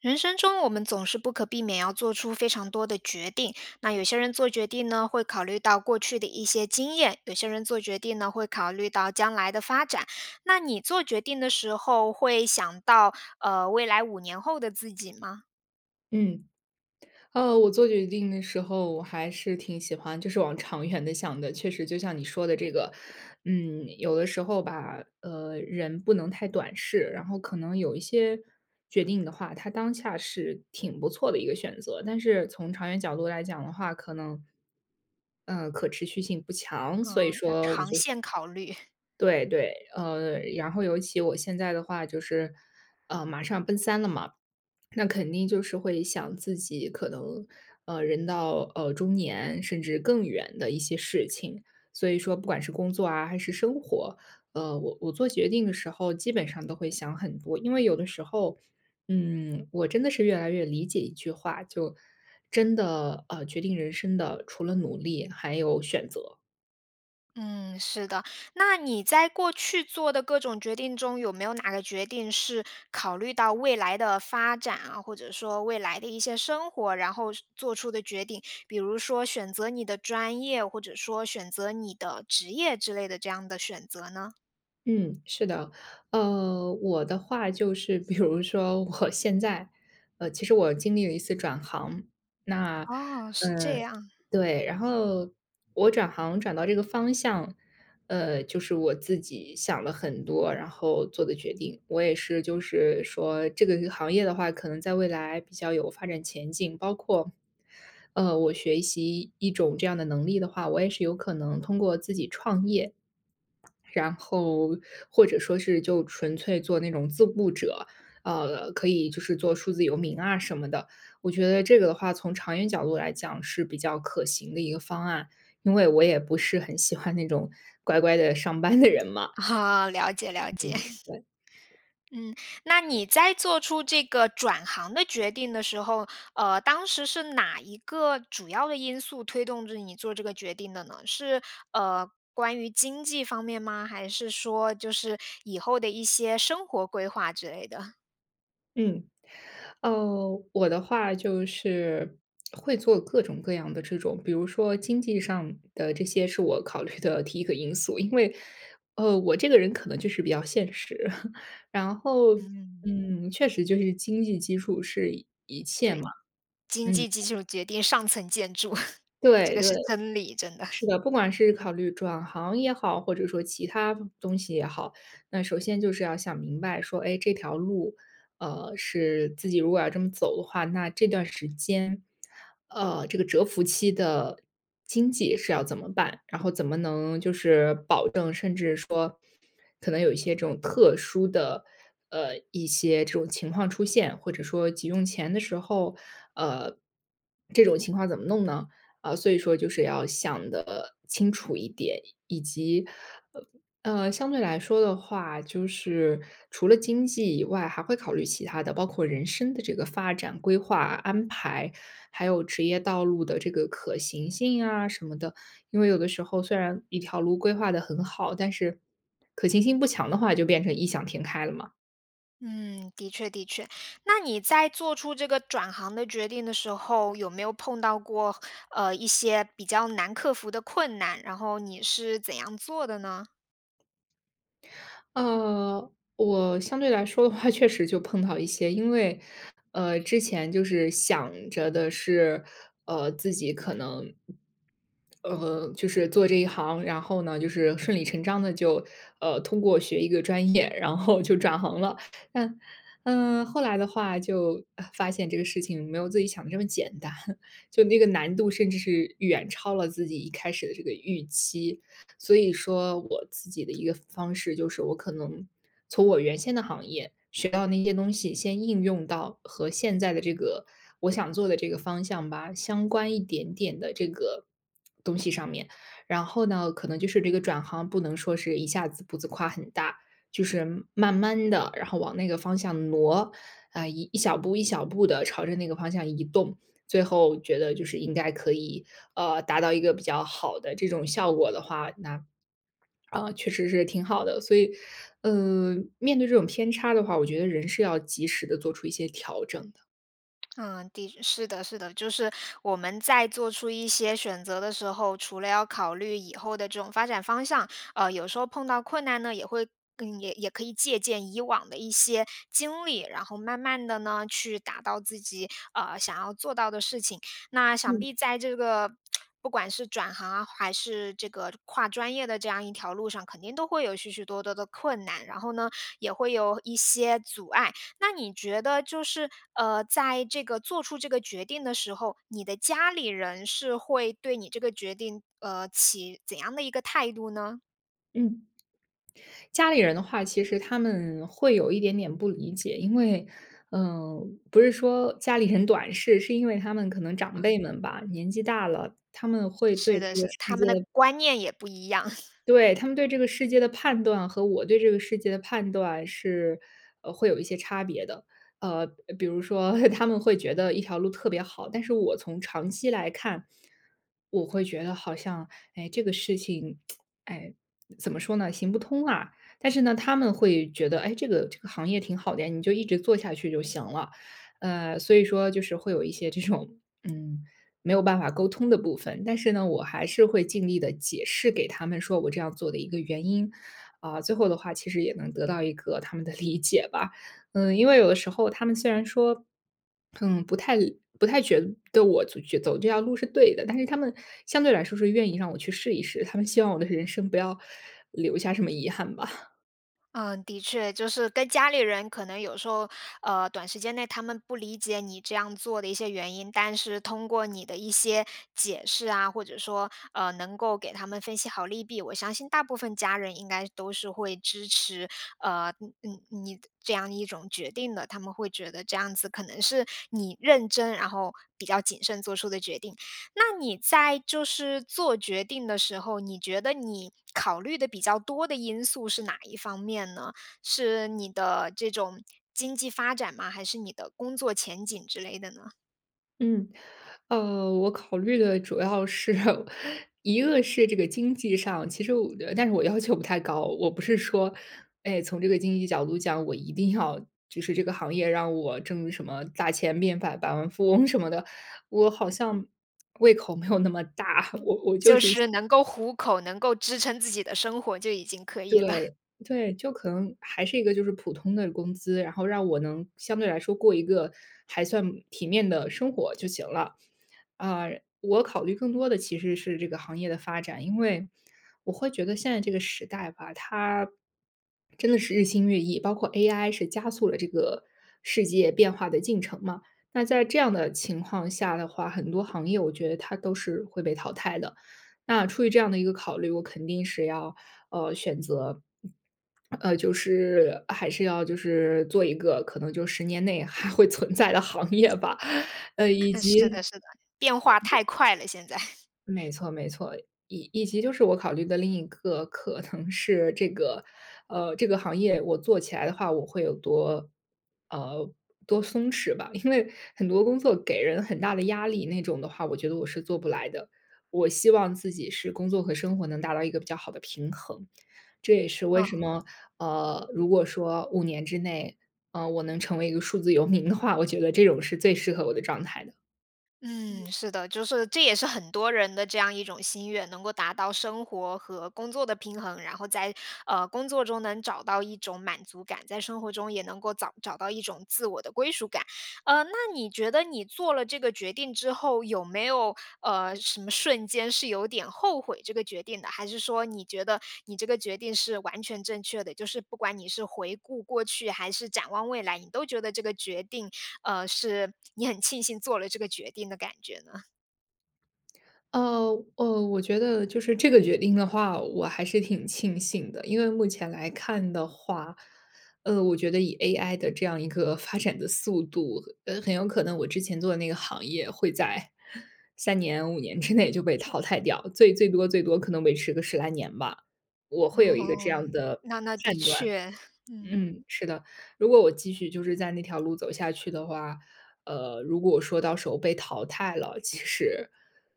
人生中我们总是不可避免要做出非常多的决定，那有些人做决定呢，会考虑到过去的一些经验，有些人做决定呢，会考虑到将来的发展，那你做决定的时候，会想到，呃，未来5年后的自己吗？嗯。呃，我做决定的时候我还是挺喜欢，就是往长远的想的。确实就像你说的这个，嗯，有的时候吧，呃，人不能太短视，然后可能有一些决定的话，它当下是挺不错的一个选择，但是从长远角度来讲的话，可能，呃，可持续性不强，所以嗯，要说，我长就线考虑。对对，呃然后尤其我现在的话就是，呃，马上奔3了嘛，那肯定就是会想自己可能，呃，人到，呃，中年甚至更远的一些事情。所以说不管是工作啊还是生活，呃，我我做决定的时候基本上都会想很多，因为有的时候，嗯，我真的是越来越理解一句话，就真的，呃，决定人生的，除了努力还有选择。嗯，是的，那你在过去做的各种决定中，有没有哪个决定是考虑到未来的发展啊，或者说未来的一些生活，然后是做出的决定，比如说选择你的专业，或者说选择你的职业之类的这样的选择呢？嗯，是的，呃，我的话就是比如说我现在，呃，其实我经历了一次转行，那，哦，是呃这样。对，然后我转行转到这个方向，呃，就是我自己想了很多然后做的决定。我也是就是说这个个行业的话，可能在未来比较有发展前景，包括，呃，我学习一种这样的能力的话，我也是有可能通过自己创业，然后或者说是就纯粹做那种自雇者，呃，可以就是做数字游民啊什么的。我觉得这个的话从长远角度来讲是比较可行的一个方案，因为我也不是很喜欢那种乖乖地上班的人嘛，哦，了解，了解。嗯，对。嗯，那你在做出这个转行的决定的时候，呃，当时是哪一个主要的因素推动着你做这个决定的呢？是，呃，关于经济方面吗？还是说就是以后的一些生活规划之类的？嗯，呃，我的话就是 会做各种各样的这种，比如说经济上的这些是我考虑的第1个因素，因为，呃，我这个人可能就是比较现实。然后，嗯。嗯，确实就是经济基础是一切对，嘛，经嗯。济基础决定上层建筑，这对，个对，是真理，真的。是 的，不管是考虑转行也好，或者说其他东西也好，那首先就是要想明白说，诶，这条路，呃，是自己如果要这么走的话，那这段时间，呃，这个蛰伏期的经济是要怎么办？然后怎么能就是保证，甚至说可能有一些这种特殊的，呃，一些这种情况出现，或者说急用钱的时候，呃，这种情况怎么弄呢？呃，所以说就是要想得清楚一点，以及，呃呃，相对来说的话，就是除了经济以外，还会考虑其他的，包括人生的这个发展规划安排，还有职业道路的这个可行性啊什么的。因为有的时候虽然一条路规划得很好，但是可行性不强的话就变成异想天开了嘛。嗯，的确，的确，那你在做出这个转行的决定的时候，有没有碰到过，呃，一些比较难克服的困难，然后你是怎样做的呢？呃，我，相对来说的话确实就碰到一些，因为，呃，之前就是想着的是，呃，自己可能呃，就是做这一行，然后呢，就是顺利成章的就，呃，通过学一个专业，然后就转行了，但嗯，后来的话就，啊，发现这个事情没有自己想的这么简单，就那个难度甚至是远超了自己一开始的这个预期。所以说我自己的一个方式就是我可能从我原先的行业学到的那些东西，先应用到和现在的这个我想做的这个方向吧，相关一点点的这个，东西上面。然后呢，可能就是这个转行，不能说是一下子步子跨很大，就是慢慢地，然后往那个方向挪，啊，一一小步、一小步地朝着那个方向移动，最后觉得就是应该可以，呃，达到一个比较好的这种效果的话，那 啊，确实是挺好的，所以，呃，面对这种偏差的话，我觉得人是要及时地做出一些调整的。嗯，的是的，是的，就是我们在做出一些选择的时候，除了要考虑以后的这种发展方向，呃，有时候碰到困难呢，也会更也也可以借鉴以往的一些经历，然后慢慢地呢，去达到自己，呃，想要做到的事情。那想嗯。必在这个，不管是转行啊，还是这个跨专业的这样一条路上，肯定都会有许许多多的困难，然后呢，也会有一些阻碍。那你觉得就是，呃，在这个做出这个决定的时候，你的家里人是会对你这个决定，呃，起怎样的一个态度呢？嗯。家里人的话，其实他们会有一点点不理解，因为，呃，不是说家里人短视，是因为他们可能长辈嗯。们吧，年纪大了，他们会是对这的，个是的，世他们的界观念也不一样。对，他们对这个世界的判断和我对这个世界的判断是，呃，会有一些差别的。呃，比如说 他们会觉得一条路特别好，但是我从长期来看，我会觉得好像，哎，这个事情，哎，怎么说呢，行不通啊。但是呢，他们会觉得，诶，这个，这个行业挺好的呀，你就一直做下去就行了。呃，所以说就是会有一些这种，嗯，没有办法沟通的部分，但是呢，我还是会尽力地解释给他们说我这样做的一个原因，啊，最后的话其实也能得到一个他们的理解吧，嗯，因为有的时候他们虽然说，嗯，不太不太觉得对，我觉走这条路是对的，但是他们相对来说是愿意让我去试一试，他们希望我的人生不要留下什么遗憾吧。嗯，的确。就是跟家里人可能有时候，呃，短时间内他们不理解你这样做的一些原因，但是通过你的一些解释啊，或者说，呃，能够给他们分析好利弊，我相信大部分家人应该都是会支持，呃，你你你的这样一种决定的。他们会觉得这样子可能是你认真，然后比较谨慎做出的决定。那你在就是做决定的时候，你觉得你考虑得比较多的因素是哪一方面呢？是你的这种经济发展吗？还是你的工作前景之类的呢？嗯。呃，我考虑的主要是，一个是这个经济上，其实我的但是我要求不太高。我不是说，哎从这个经济角度讲我一定要就是这个行业让我挣什么大钱变百百万富翁什么的，我好像 胃口没有那么大，我嗯，我就就是一些是能够糊口，能够支撑自己的生活，就已经可以了。对，对，就可能，还是一个就是普通的工资，然后让我能相对来说过一个还算体面的生活就行了。啊，我考虑更多的其实是这个行业的发展。因为，我会觉得现在这个时代吧，它 真的是日新月异，包括 AI 是加速了这个世界变化的进程嘛。那在这样的情况下的话，很多行业我觉得它都是会被淘汰的。那出于这样的一个考虑，我肯定是要，呃，选择 呃，就是还是要就是做一个可能就10年内还会存在的行业吧，以呃，是及的，是的。变化太快了现在。没错，没错。以以及就是我考虑的另一个可能是这个，呃，这个行业我做起来的话我会有多呃，多松弛吧。因为很多工作给人很大的压力那种的话我觉得我是做不来的，我希望自己是工作和生活能达到一个比较好的平衡。这也是为什嗯。么，呃，如果说5年之内，呃，我能成为一个数字游民的话，我觉得这种是最适合我的状态的。嗯。嗯，是的。就是，这也是很多人的这样一种心愿，能够达到生活和工作的平衡，然后在，呃，工作中能找到一种满足感，在生活中也能够找找到一种自我的归属感。呃，那你觉得你做了这个决定之后，有没有，呃，什么瞬间是有点后悔这个决定的？还是说你觉得你这个决定是完全正确的，就是不管你是回顾过去还是展望未来，你都觉得这个决定，呃，是 你很庆幸做了这个决定的感觉呢？呃，呃，我觉得就是这个决定的话，我还是挺庆幸的。因为目前来看的话，呃，我觉得以 AI 的这样一个发展的速度，呃，很有可能我之前做的那个行业会在，3年5年之内就被淘汰掉，最最多最多可能维持个10来年吧。我会有一个这哦，样的那那的判断。确，嗯。嗯，是的，如果我继续就是在那条路走下去的话，呃，如果我说到时候被淘汰了，其实，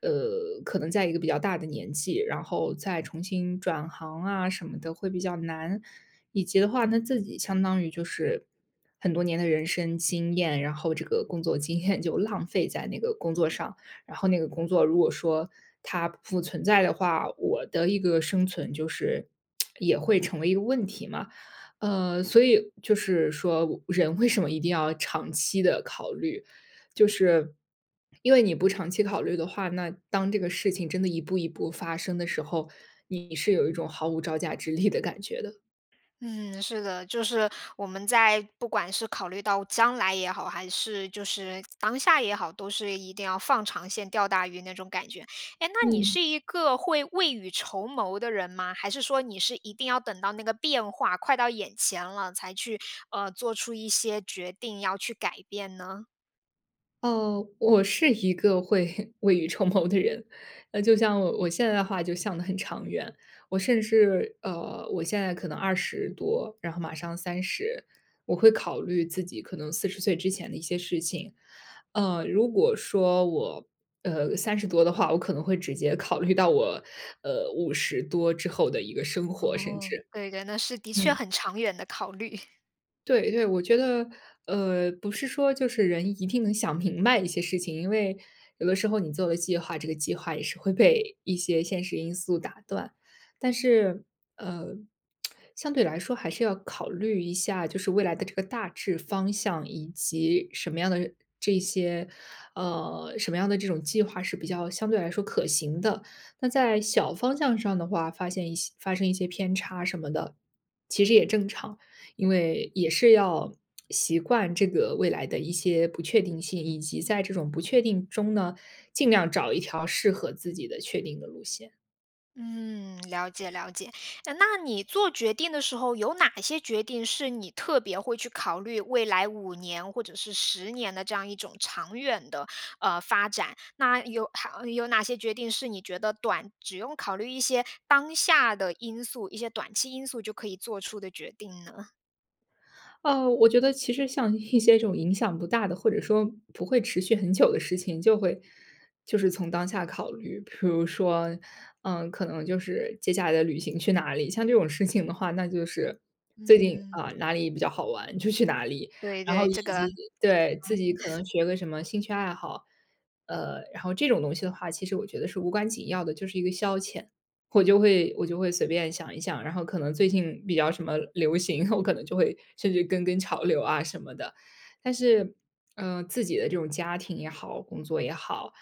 呃，可能在一个比较大的年纪，然后再重新转行啊什么的会比较难。以及的话呢，自己相当于就是很多年的人生经验，然后这个工作经验就浪费在那个工作上，然后那个工作如果说它不存在的话，我的一个生存就是 也会成为一个问题嘛。呃，所以就是说人为什么一定要长期的考虑，就是因为你不长期考虑的话，那当这个事情真的一步一步发生的时候，你是有一种毫无招架之力的感觉的。嗯，是的，就是我们在不管是考虑到将来也好，还是就是当下也好，都是一定要放长线钓大鱼那种感觉。诶，那你嗯。是一个会未雨绸缪的人吗？还是说你是一定要等到那个变化快到眼前了，才去，呃，做出一些决定要去改变呢？哦，我是一个会 未雨绸缪的人，那就像我我现在的话就想得很长远，我甚至呃，我现在可能20多，然后马上30，我会考虑自己可能40岁之前的一些事情。呃，如果说我，呃，30多的话我可能会直接考虑到我，呃，50多之后的一个生活甚哦，至。对的，那是的确嗯。很长远的考虑。对，对，我觉得，呃，不是说就是人一定能想明白一些事情，因为有的时候你做的计划，这个计划也是会被一些现实因素打断。但是，呃，相对来说还是要考虑一下，就是未来的这个大致方向，以及什么样的这些，呃，什么样的这种计划是比较相对来说可行的。那在小方向上的话，发现一些发生一些偏差什么的，其实也正常。因为也是要 习惯这个未来的一些不确定性，以及在这种不确定中呢，尽量找一条适合自己的确定的路线。嗯，了解，了解。呃，那你做决定的时候，有哪些决定是你特别会去考虑未来5年或者是10年的这样一种长远的，呃，发展？那有还有哪些决定是你觉得短只用考虑一些当下的因素、一些短期因素就可以做出的决定呢？呃，我觉得其实像一些这种影响不大的，或者说不会持续很久的事情，就会就是从当下考虑。比如说，嗯，可能就是接下来的旅行去哪里。像这种事情的话，那就是，最近，嗯。啊，哪里比较好玩就去哪里。对，然后对，以这个。及 [unintelligible] 对，自己可 能学个什么兴趣爱好。呃，然后这种东西的话，其实我觉得是无关紧要的，就是一个消遣。我就会，我就会随便想一想，然后可能最近比较什么流行，我可能就会甚至跟跟潮流啊什么的。但是，呃，自己的这种家庭也好、工作也好，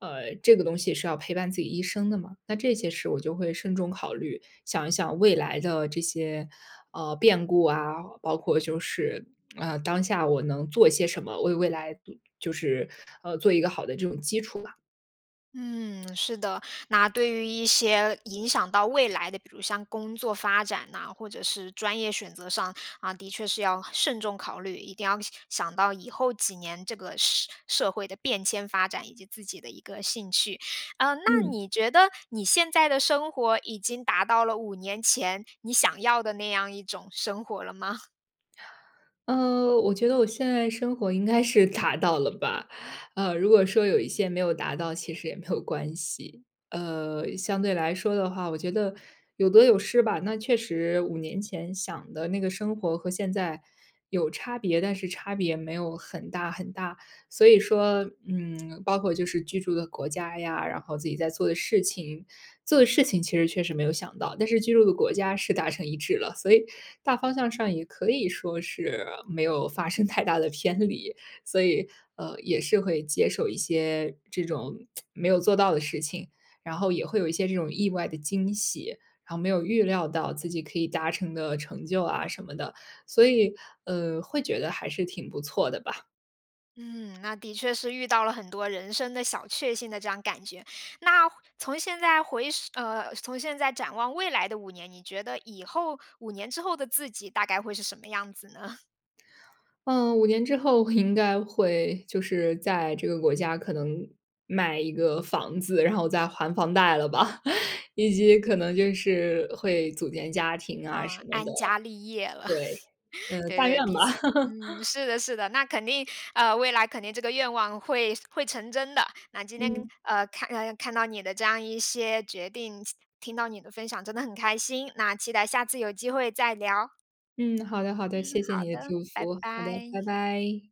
呃，这个东西是要陪伴自己一生的嘛，那这些事我就会慎重考虑，想一想未来的这些，呃，变故啊，包括就是，呃，当下我能做些什么，为未来杜就是，呃，做一个好的这种基础吧。嗯，是的。那对于一些影响到未来的，比如像工作发展呐，或者是专业选择上，啊，的确是要慎重考虑，一定要想到以后几年这个社社会的变迁发展以及自己的一个兴趣。呃，那嗯。你觉得你现在的生活已经达到了5年前你想要的那样一种生活了吗？呃，我觉得我现在生活应该是达到了吧，呃，如果说有一些没有达到其实也没有关系。呃，相对来说的话，我觉得有得有失吧。那确实5年前想的那个生活和现在有差别，但是差别没有很大很大。所以说，嗯，包括就是居住的国家呀，然后自己在做的事情。做的事情其实确实没有想到，但是居住的国家是达成一致了，所以大方向上也可以说是没有发生太大的偏离。所以，呃，也是会接受一些这种 没有做到的事情，然后也会有一些这种意外的惊喜，然后没有预料到自己可以达成的成就啊什么的。所以，呃，会觉得还是挺不错的吧。嗯，那的确是遇到了很多人生的小确幸的这样感觉。那，回从现在回首呃，从现在展望未来的5年，你觉得以后5年之后的自己大概会是什么样子呢？嗯，5年之后我应该会就是，在这个国家可能买一个房子，然后在还房贷了吧，以及可能就是会组建家庭啊呃，什么的。安家立业了，对，嗯，对，但愿对，毕，吧。嗯，是的，是的，那肯定呃，未来肯定这个愿望会，会成真的。那今天嗯。呃，看呃看到你的这样一些决定，亲听到你的分享，真的很开心，那期待下次有机会再聊。嗯，好的，好的，嗯，谢谢好你的的，祝拜福。好的，拜。拜拜。